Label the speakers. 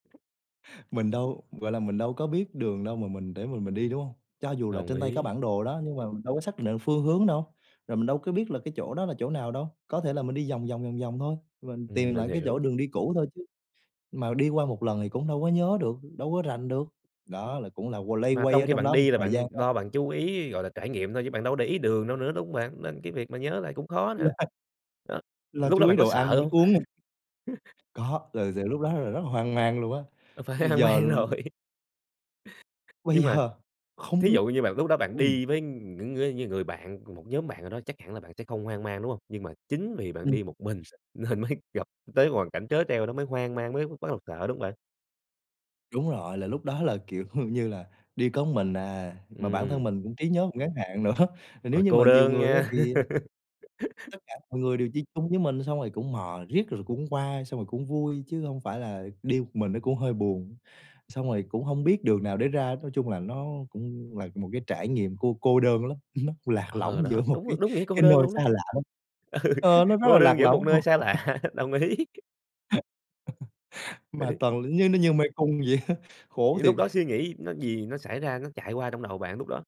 Speaker 1: Mình đâu, gọi là, mình đâu có biết đường đâu mà mình để mà mình đi, đúng hông? Cho dù là
Speaker 2: Đồng
Speaker 1: trên tay có
Speaker 2: ý.
Speaker 1: bản đồ đó, nhưng mà mình đâu có xác định phương hướng đâu, rồi mình đâu có biết là cái chỗ đó là chỗ nào đâu. Có thể là mình đi vòng vòng, vòng vòng thôi và mình
Speaker 2: Ừm,
Speaker 1: tìm
Speaker 2: mình
Speaker 1: lại cái chỗ
Speaker 2: hiểu.
Speaker 1: đường đi cũ thôi chứ, mà đi qua một lần thì cũng đâu có nhớ được, đâu có rành được, đó là cũng là q loay
Speaker 2: Mà
Speaker 1: quay
Speaker 2: trong
Speaker 1: ở
Speaker 2: khi
Speaker 1: trong
Speaker 2: bạn
Speaker 1: đó một
Speaker 2: đi là
Speaker 1: thời gian
Speaker 2: bạn
Speaker 1: đó.
Speaker 2: lo bạn chú ý, gọi là, trải nghiệm thôi, chứ bạn đâu có để ý đường đâu nữa, đúng hông bạn? Nên cái việc mà nhớ lại cũng khó nè. Đó,
Speaker 1: [unintelligible] Lo
Speaker 2: lúc đó
Speaker 1: chú ý
Speaker 2: bạn có
Speaker 1: đồ ăn,
Speaker 2: sợ
Speaker 1: nước
Speaker 2: hông?
Speaker 1: uống [unintelligible] có, thật sự lúc đó là rất là hoang mang luôn á,
Speaker 2: A, phải hoang
Speaker 1: giờ,
Speaker 2: mang rồi.
Speaker 1: ừm Bây
Speaker 2: Nhưng mà
Speaker 1: giờ không
Speaker 2: thí
Speaker 1: biết
Speaker 2: dụ như bạn lúc đó bạn
Speaker 1: ừm.
Speaker 2: đi với những ngươi những người bạn, một nhóm bạn nào đó, chắc hẳn là bạn sẽ không hoang mang, đúng hông? Nhưng mà chính vì bạn
Speaker 1: Ừm.
Speaker 2: đi một mình nên mới gặp tới hoàn cảnh trớ trêu đó mới hoang mang, mới b bắt đầu sợ, đúng hông bạn?
Speaker 1: Đúng rồi, là lúc đó là, kiểu, như là, đi có mình à, mà bản thân
Speaker 2: Ừm.
Speaker 1: mình cũng trí nhớ ngắn hạn nữa, nếu
Speaker 2: Ôi,
Speaker 1: như
Speaker 2: cô
Speaker 1: mà nhiều
Speaker 2: đơn
Speaker 1: người á
Speaker 2: nha.
Speaker 1: thì tất cả mọi người đều đi chung với mình xong rồi cũng mò riết rồi cũng qua, xong rồi cũng vui chứ hông phải là đi một mình nó cũng hơi buồn, xong rồi cũng hông biết đường nào để ra. Nói chung là nó cũng là một cái trải nghiệm cô cô đơn lắm, ừm, nó lạc
Speaker 2: Ờ,
Speaker 1: lõng giữa
Speaker 2: đó,
Speaker 1: một cái
Speaker 2: đúng đúng nghĩa cô
Speaker 1: cái
Speaker 2: đơn
Speaker 1: nơi
Speaker 2: luôn đó.
Speaker 1: xa lạ lắm
Speaker 2: Ừ,
Speaker 1: ờ, nó rất là
Speaker 2: cô
Speaker 1: lạc
Speaker 2: đơn giữa
Speaker 1: lõng
Speaker 2: một nơi
Speaker 1: luôn.
Speaker 2: xa lạ, đồng ý. Vậy
Speaker 1: Mà
Speaker 2: thì
Speaker 1: toàn như nó như mê cung vậy á, khổ
Speaker 2: Vậy lúc
Speaker 1: thiệt.
Speaker 2: đó suy nghĩ nó gì nó xảy ra, nó chạy qua trong đầu bạn lúc đó?